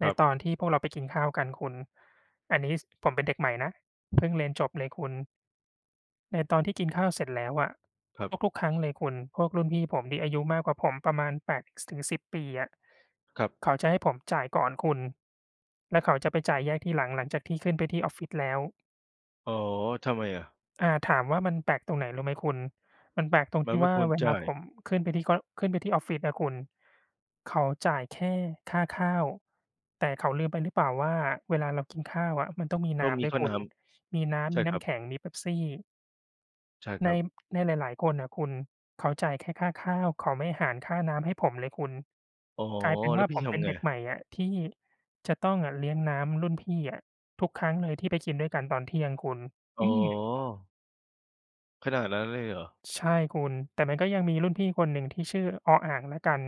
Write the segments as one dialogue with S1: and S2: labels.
S1: ใ
S2: ค
S1: น
S2: รับ
S1: ตอนที่พวกเราไปกินข้าวกันคุณ อันนี้ ซ ผมเป็นเด็กใหม่นะ เพิ่งเรียนจบเลยคุณ ในตอนที่กินข้าวเสร็จแล้วอะ
S2: ครับ
S1: ทุก ๆ ครั้งเลยคุณ พวกรุ่นพี่ผมที่อายุมากกว่าผมประมาณ 8 ซ ถึง 10 ปีอะ
S2: ครับ
S1: เขาจะให้ผมจ่ายก่อนคุณ แล้วเขาจะไปจ่ายแยกทีหลังหลังจากที่ขึ้นไปที่ออฟฟิศแล้ว
S2: อ๋อ ทำไมอะ?
S1: อา ถามว่ามันแปลกตรงไหนรู้ไหมคุณ มันแปลกตรง
S2: ม
S1: ท
S2: ั
S1: ี
S2: น
S1: ่
S2: ไม่
S1: ว่า
S2: ควร
S1: เว
S2: จ
S1: ลา
S2: ่า
S1: ผ
S2: ย
S1: มขึ้นไปที่ ก็ ขึ้นไปที่ออฟฟิศอะคุณ เขาจ่ายแค่ค่าข้าว แต่เขาลืมไปหรือเปล่าว่าเวลาเรากินข้าวอะ มันต้องมี
S2: ต
S1: น
S2: ้
S1: ้
S2: องม
S1: ำ
S2: ี
S1: ด้ว
S2: ค
S1: ย
S2: ่า
S1: คุ
S2: น้
S1: ณ มีน้
S2: ำ ใ
S1: ำ
S2: ช
S1: ม
S2: ่
S1: ีน
S2: ค
S1: ้
S2: รั
S1: ำ
S2: บ
S1: แข็ง มีเป๊ปซี่
S2: ใช่ค
S1: ใน
S2: รับ
S1: ในหลายหลายคนน่ะคุณเขาจ่ายแค่ค่าข้าว เขาไม่หารค่าน้ำให้ผมเลยคุณ
S2: อ๋อ
S1: กลายเป็น
S2: แล
S1: ว่
S2: ้ว
S1: า
S2: พ
S1: ผ
S2: ี่
S1: ม
S2: ท
S1: เป็น
S2: ำไง?
S1: เด็กใหม่อะที่จะต้องอะเลี้ยงน้ำรุ่นพี่อะทุกครั้งเลยที่ไปกินด้วยกันตอนเที่ยงคุณ
S2: อ๋
S1: อื
S2: อ
S1: อ
S2: ขนาดนั้นเลยเหรอ?
S1: ใช่คุณ แต่มันก็ยังมีรุ่นพี่คนหนึ่ง ที่ชื่อ ออ-อ่าง แล้วกัน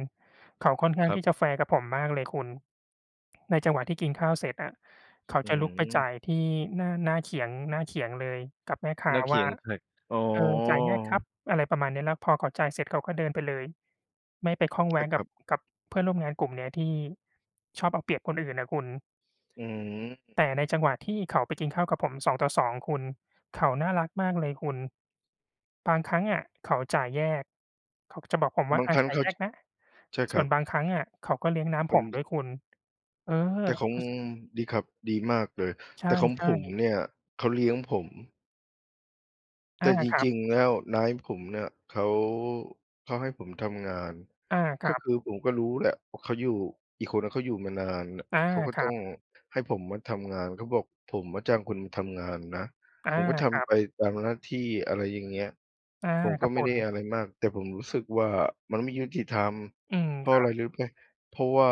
S1: เขาค่อนข้า
S2: ค
S1: ง
S2: รั
S1: ที
S2: บ
S1: ่จะแฟร์กับผมมากเลยคุณ ในจังหวะที่กินข้าวเสร็จอะ เขา
S2: อื
S1: จะลุกไปจ
S2: ม
S1: ่ายที่หน้า หน้าเขียง หน้าเขียงเลยกับแม่ค้
S2: ห
S1: า
S2: น้าเข
S1: ว
S2: ี
S1: ่า
S2: ยงใคร อ๋อ
S1: เออ จ่ายแยกครับ อะไรประมาณนี้เนาะ แล้วพอเขาจ่ายเสร็จเขาก็เดินไปเลย ไม่ไปข้องแ
S2: ใ
S1: ว
S2: ช่
S1: ะ
S2: ค
S1: กั
S2: รั
S1: บ
S2: บ
S1: กับเพื่อนร่วมงานกลุ่มเนี้ยที่ชอบเอาเปรียบคนอื่นอะคุณ
S2: อืม
S1: แต่ในจังหวะที่เขาไปกินข้าวกับผม 2:2 คุณ เขาน่ารักมากเลยคุณ บางครั้งอะ เขาจ่ายแยก เขาก็จะบอกผมว่
S2: บ
S1: า
S2: าง
S1: "อ
S2: ค
S1: า
S2: รั้ง
S1: จ่า
S2: เข
S1: ย
S2: า
S1: แย
S2: ช
S1: กนะ"
S2: ใช่
S1: ส
S2: คร
S1: ่ว
S2: ั
S1: นบ
S2: บ
S1: างครั้งอะเขาก็เลี้ยงน้
S2: เ
S1: ำ
S2: ป
S1: ผ
S2: ็น
S1: มด
S2: ช
S1: ้วยคุณ เออ
S2: แต่ของ
S1: อ ส
S2: ดีครับ ดีมากเลย
S1: ใ
S2: แต่ของ
S1: ช
S2: ผ
S1: ่
S2: ม
S1: ๆ
S2: เนี่ยเขาเลี้ยงผม แ
S1: อ
S2: ต่
S1: า
S2: จ
S1: ครั
S2: ร
S1: บ
S2: ิง ๆ แล้วนายผมน่ะ เขา เขาให้ผมทำงาน
S1: อา ค
S2: ก็
S1: รับ
S2: คือผมก็รู้แหละว่าเขาอยู่ อีกคนนะเขาอยู่มานานน่ะ
S1: อา
S2: เขาก็
S1: ค
S2: ต
S1: รั
S2: ้อ
S1: บ
S2: งให้ผมมาทำงาน เขาบอก "ผมมาจ้างคุณทำงานนะ"
S1: อา
S2: ผมก็ท
S1: ครั
S2: ำไป
S1: บ
S2: ตามหน้าที่ อะไรอย่างเงี้ย
S1: อา
S2: ผม
S1: ค
S2: ก็
S1: รับ
S2: ไม
S1: ผ
S2: ่ได
S1: ม
S2: ้อะไรมาก แต่ผมรู้สึกว่ามันไม่ยุติธรรม
S1: อืม
S2: เพรา
S1: ค
S2: ะอ
S1: ร
S2: ะ
S1: ั
S2: ไ
S1: บ
S2: รรู้ไหม เพราะว่า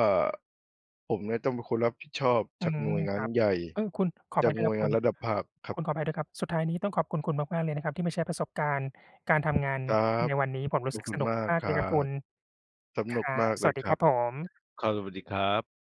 S2: ผมเนี่ยต้องเป็นคนรับผิดชอบ
S1: อื
S2: จากห
S1: ม
S2: น่วยง
S1: ค
S2: า
S1: ร
S2: น
S1: ับ
S2: ใหญ่
S1: เออ คุณ ขออ
S2: จา
S1: ภั
S2: ก
S1: ยด้ว
S2: หน
S1: ย
S2: ่
S1: คร
S2: ว
S1: ั
S2: ย
S1: บ
S2: ง
S1: ค
S2: า
S1: ุณ
S2: นระดับภาคครั
S1: ค
S2: บ
S1: ุณขออภัยด้วยครับ สุดท้ายนี้ต้องขอบคุณคุณมากๆ เลยนะครับ ที่มาแชร์ประสบการณ์การ การทำงาน
S2: ครั
S1: ใ
S2: บ
S1: นวันนี้ ผมรู
S2: ข
S1: ้
S2: อ
S1: ส
S2: บ
S1: ึก
S2: คุ
S1: ส
S2: ณ
S1: นุก
S2: มาก
S1: มาก
S2: ค
S1: ๆ เล
S2: รั
S1: ยครับคุ
S2: บ
S1: ณ
S2: ส
S1: ค
S2: นุ
S1: ร
S2: ก
S1: ั
S2: ม
S1: บ
S2: าก
S1: ส
S2: เล
S1: วั
S2: ย
S1: สดี
S2: คร
S1: ค
S2: ั
S1: รั
S2: บ
S1: บผม
S2: ครับ สวัสดีครับ